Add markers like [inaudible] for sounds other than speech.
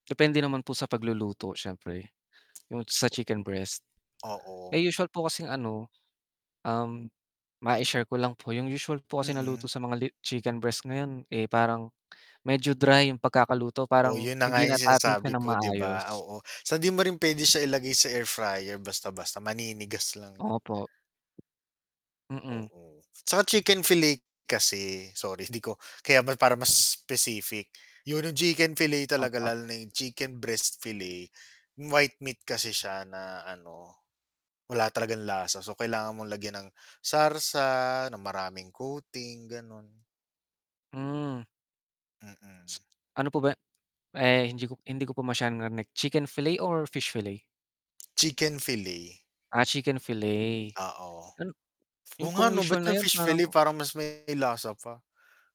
Depende naman po sa pagluluto syempre, yung sa [smacks lips] chicken breast. Oo. Eh usual po kasing ano, um, maishare ko lang po, yung usual po kasi Mm. naluto sa mga li chicken breast ngayon, eh parang medyo dry yung pagkakaluto Oh, parang, yun na nga hindi yung natatansya sinasabi ng ko 'di ba? maayos. Oo. So hindi mo rin pwede siya ilagay sa air fryer basta-basta maninigas lang yan. Opo. Mm. Oo. tsaka chicken fillet kasi, sorry hindi ko, kaya para mas specific, yun yung chicken fillet talaga, Opo. lalo na chicken breast fillet. White meat kasi siya na ano, wala talagang lasa so kailangan mong lagyan ng sarsa, ng maraming coating ganon. Hmm. Mm. Ano po ba? Eh hindi ko hindi ko pa masyadong narinig chicken fillet or fish fillet? Chicken fillet. Ah, chicken fillet, Oo. an 'yun Oo nga pong ano ba't usual na yung yun fish fillet parang parang mas may lasa pa.